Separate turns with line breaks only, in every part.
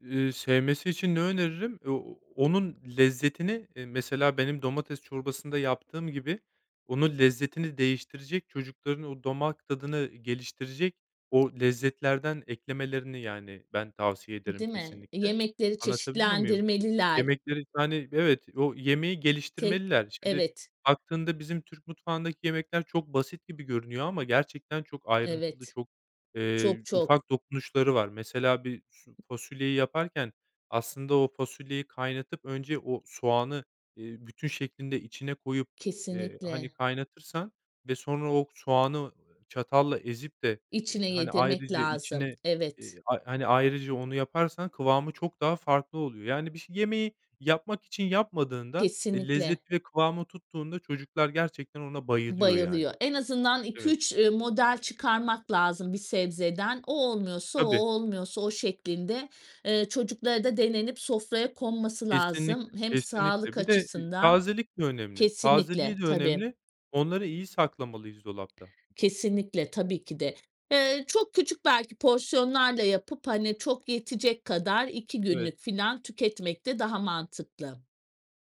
Eee, sevmesi için ne öneririm? E o onun lezzetini eee, mesela, benim domates çorbasında yaptığım gibi, onun lezzetini değiştirecek, çocukların o damak tadını geliştirecek o lezzetlerden eklemelerini, yani, ben tavsiye ederim
Değil mi?
kesinlikle.
Yemekleri
Anlatabiliyor muyum?
çeşitlendirmeliler.
Yemekleri, yani Evet, o yemeği
Tek
geliştirmeliler. Şimdi,
Evet.
baktığında bizim Türk mutfağındaki yemekler çok basit gibi görünüyor ama gerçekten çok ayrıntılı,
Evet.
çok, eee,
Çok çok.
ufak dokunuşları var. Mesela, bir su fasulyeyi yaparken aslında o fasulyeyi kaynatıp önce o soğanı, eee, bütün şeklinde içine koyup, eee, hani,
Kesinlikle.
kaynatırsan ve sonra o soğanı çatalla ezip de, eee,
İçine
hani,
yedirmek
ayrıca
lazım,
içine, eee,
evet.
ay hani, ayrıca onu yaparsan kıvamı çok daha farklı oluyor. Yani bir ş yemeği yapmak için yapmadığında, eee,
Kesinlikle.
lezzeti ve kıvamı tuttuğunda çocuklar gerçekten ona bayılıyor, yani.
Bayılıyor. En azından iki
Evet.
üç, ııı, model çıkarmak lazım bir sebzeden. O olmuyorsa o, o
Tabii.
olmuyorsa o şeklinde, eee, çocuklara da denenip sofraya konması lazım
Kesinlikle,
hem
kesinlikle.
sağlık
Bir de, eee,
açısından
tazelik de önemli.
Kesinlikle,
Tazeliği de
tabii.
önemli. Onları iyi saklamalıyız dolapta.
Kesinlikle, tabii ki de. Eee, çok küçük belki porsiyonlarla yapıp, hani, çok yetecek kadar, 2
Evet.
günlük filan tüketmek de daha mantıklı.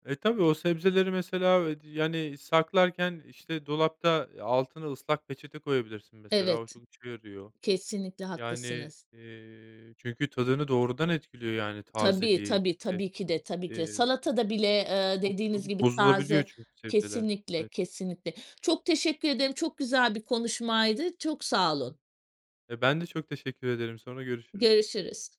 E, tabii, o sebzeleri, mesela, eee, d yani, saklarken, işte, dolapta, eee, altına ıslak peçete koyabilirsin mesela, o
Evet.
çok işe yarıyor.
Kesinlikle
Yani,
haklısınız.
eee, çünkü tadını doğrudan etkiliyor yani
Tabii,
tazeliği
tabii,
e
tabii ki de, tabii ki de.
eee,
Salatada bile, ııı,
çok
dediğiniz
çabuk
gibi,
bozulabiliyor
taze
çünkü sebzeler.
Kesinlikle,
Evet.
kesinlikle. Çok teşekkür ederim, çok güzel bir konuşmaydı, çok sağ olun.
Eee, ben de çok teşekkür ederim, sonra görüşürüz.
Görüşürüz.